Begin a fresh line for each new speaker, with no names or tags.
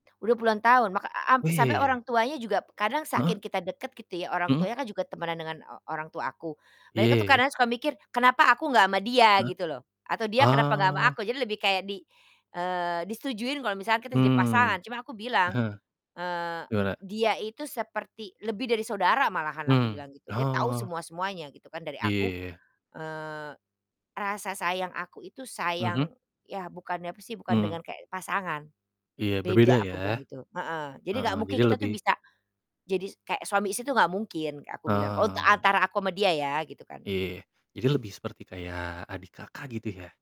Udah puluhan tahun, ma ka a ampe sampai
Wih.
orang tuanya juga kadang
Heeh.
saking kita dekat gitu ya, orang
Mmm.
tuanya kan juga temenan dengan o orang tua aku.
Iya
Mereka tuh
ya ya.
kadang ya suka mikir, kenapa aku gak sama dia?
Heeh.
Gitu loh, atau dia kenapa gak sama
Oh.
aku, jadi lebih kayak di eee, disetujui kalau misalkan kita jadi
Mmm.
pasangan, cuma aku bilang,
Heeh.
eee,
Gimana?
"Dia itu seperti lebih dari saudara malahan," aku
Mmm,
bilang gitu. "Dia tau
oh.
semua-semuanya gitu kan, dari
Iya,
aku,
ya ya ya.
eee, rasa sayang aku itu
Mhm.
sayang ya bukan apa sih, bukan dengan
Mmm.
kayak pasangan,
Iya, berbeda
beda," aku
ya.
bilang gitu. Heeh. "Jadi gak
Heeh,
mungkin
jadi
kita tuh
lebih
bisa jadi s kayak suami istri tuh gak mungkin," Kak, aku bilang, oh te
Ah.
antara aku sama dia ya, gitu kan.
Iya, jadi lebih seperti kayak adik kakak gitu ya.